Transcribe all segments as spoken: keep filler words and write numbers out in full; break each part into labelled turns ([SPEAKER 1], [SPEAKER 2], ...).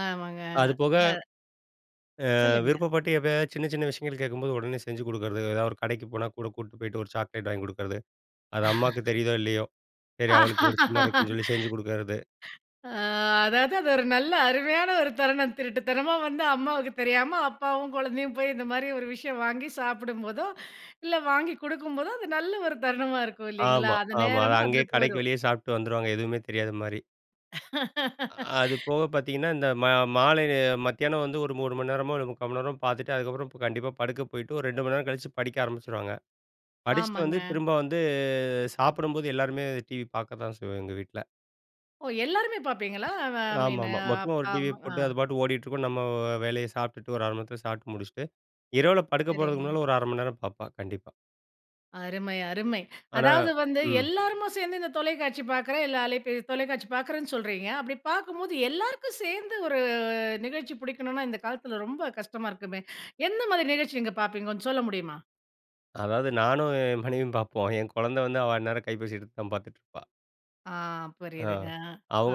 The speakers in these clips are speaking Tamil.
[SPEAKER 1] ஆமாங்க.
[SPEAKER 2] அதுபோக,
[SPEAKER 1] க
[SPEAKER 2] அ
[SPEAKER 1] சொல்லுங்க.
[SPEAKER 2] விருப்பப்பட்டு எப்பயாச்சு சின்ன, சின்ன விஷயங்கள் கேட்கும்போது, உடனே செஞ்சு குடுக்குறது, ஏதாவது ஒரு கடைக்கு போனா கூட கூட்டிட்டு போயிட்டு ஒரு சாக்லேட் வாங்கி குடுக்குறது. அது அம்மாவுக்கு தெரியுதோ, இல்லையோ, சரி அவளுக்கு புடிச்ச மாரி இருக்கும்ன்னு சொல்லி செஞ்சு குடுக்குறது.
[SPEAKER 1] அ அதாவது அது ஒரு நல்ல அருமையான ஒரு தருணம். திருட்டுத்தனமா வந்து அம்மாவுக்கு தெரியாம, அப்பாவும் குழந்தையும் போய் இந்த மாரி ஒரு விஷயம் வாங்கி சாப்பிடும்போதோ, இல்லை வாங்கி குடுக்கும்போதோ, அது நல்ல ஒரு தருணமா இருக்கும் இல்லைங்களா?
[SPEAKER 2] ஆமா,
[SPEAKER 1] அந்த
[SPEAKER 2] ஆமா. அத
[SPEAKER 1] நேரமும்
[SPEAKER 2] அங்கேயே
[SPEAKER 1] அதுல
[SPEAKER 2] கடைக்கு
[SPEAKER 1] போயிரும்.
[SPEAKER 2] வெளியே சாப்பிட்டு வந்துருவாங்க. எதுவுமே தெரியாத மாரி. அ அது போக பார்த்தீங்கன்னா, இந்த மா மாலையில மத்தியானம் வந்து ஒரு மூணு மணி நேரமோ, இல்ல முக்கா மணி நேரமோ பார்த்துட்டு, அதுக்கப்பறம் பு கண்டிப்பா படுக்க போயிட்டு, ஒரு ரெண்டு மணி நேரம் கழிச்சு படிக்க ஆரம்பிச்சிருவாங்க. படிச்சுட்டு வந்து
[SPEAKER 1] ஆமாங்க.
[SPEAKER 2] திரும்ப வந்து, சாப்பிடும்போது எல்லாருமே டிவி பார்க்க தான் செய்வோம் எங்க வீட்ல.
[SPEAKER 1] ஓ! எல்லாருமே பார்ப்பீங்களா? அவ மீனு
[SPEAKER 2] ஆமாமா. மொத்தமா
[SPEAKER 1] அப்
[SPEAKER 2] ஒரு
[SPEAKER 1] அம்
[SPEAKER 2] டிவியை
[SPEAKER 1] அ.
[SPEAKER 2] போட்டு, அது பாட்டு ஓடிட்டுருக்கும். நம்ம வேலையை சாப்பிட்டுட்டு ஒரு அரை மணி நேரத்துல சாப்பிட்டு முடிச்சுட்டு, இரவில படுக்க போறதுக்கு
[SPEAKER 1] சரிங்க.
[SPEAKER 2] முன்னால ஒரு அரை மணி நேரம் பார்ப்பா, கண்டிப்பா.
[SPEAKER 1] அருமை, அருமை.
[SPEAKER 2] ஆனா
[SPEAKER 1] அதாவது வந்து
[SPEAKER 2] ம்.
[SPEAKER 1] எல்லாருமா சேர்ந்து இந்த தொலைக்காட்சி பார்க்கிறேன், இல்ல அலைபே தொலைக்காட்சி பார்க்கிறேன்னு சொல்றீங்க. அப்படி பார்க்கும்போது எல்லாருக்கும் சேர்ந்து ஒரு நிகழ்ச்சி புடிக்கணுன்னா, இந்த காலத்தில ரொம்ப கஷ்டமா இருக்குமே. எந்த மாதிரி நிகழ்ச்சி நீங்க பார்ப்பீங்க, கொஞ்சம் சொல்ல முடியுமா?
[SPEAKER 2] அதாவது நானும், என் மனைவியும் பார்ப்போம். என் கொழந்த வந்து, அவ அந்நேரம் கைப்பேசி எடுத்து தான் பார்த்துட்டுருப்பா.
[SPEAKER 1] ஆ
[SPEAKER 2] ஆ.
[SPEAKER 1] புரியுதுங்க.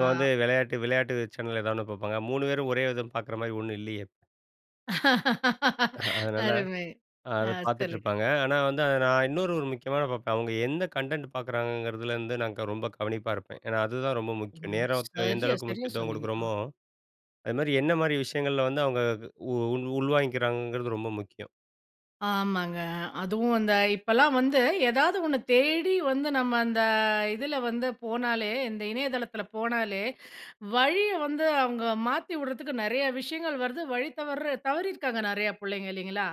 [SPEAKER 1] ஆ.
[SPEAKER 2] வந்து வெளையாட்டு விளையாட்டு சேனல் ஏதாவது ஒண்ணு பார்ப்பாங்க. மூணு பேரும் ஒரே இத பார்க்குற மாரி ஒண்ணும் இல்லையே! அதனால,
[SPEAKER 1] அருமை. ஆ
[SPEAKER 2] அத
[SPEAKER 1] சொல்லுங்க.
[SPEAKER 2] பார்த்துட்டுருப்பாங்க. ஆனா வந்து அத நான் இன்னொரு ஒரு முக்கியமானத பார்ப்பேன். அவங்க எந்த கன்டென்ட் பார்க்குறாங்கங்கிறதுலேருந்து நான் க ரொம்ப கவனிப்பா இருப்பேன். ஏன்னா அதுதான் ரொம்ப முக்கியம்.
[SPEAKER 1] [unintelligible]
[SPEAKER 2] நேரத்த எந்த
[SPEAKER 1] சரியா,
[SPEAKER 2] அளவுக்கு
[SPEAKER 1] சரியா
[SPEAKER 2] முக்கியத்துவம்
[SPEAKER 1] சொன்னீங்க. ஆ.
[SPEAKER 2] குடுக்குறோமோ, அது மாரி என்ன மாரி விஷயங்கள்ல வந்து அவங்க உ உள் உள்வாங்கிக்கிறாங்கங்கிறது ரொம்ப முக்கியம்.
[SPEAKER 1] ஆமாங்க. அதுவும் அந்த இப்பல்லாம் வந்து ஏதாவது ஒண்ண தேடி வந்து நம்ம அந்த இதுல வந்து போனாலே இந்த இணையதளத்துல போனாலே, வழியை வந்து அவங்க மாத்தி வுடுறத்துக்கு நெறைய விஷயங்கள் வருது. வழி தவர்ற தவறியிருக்காங்க நெறையா புள்ளைங்க இல்லைங்களா?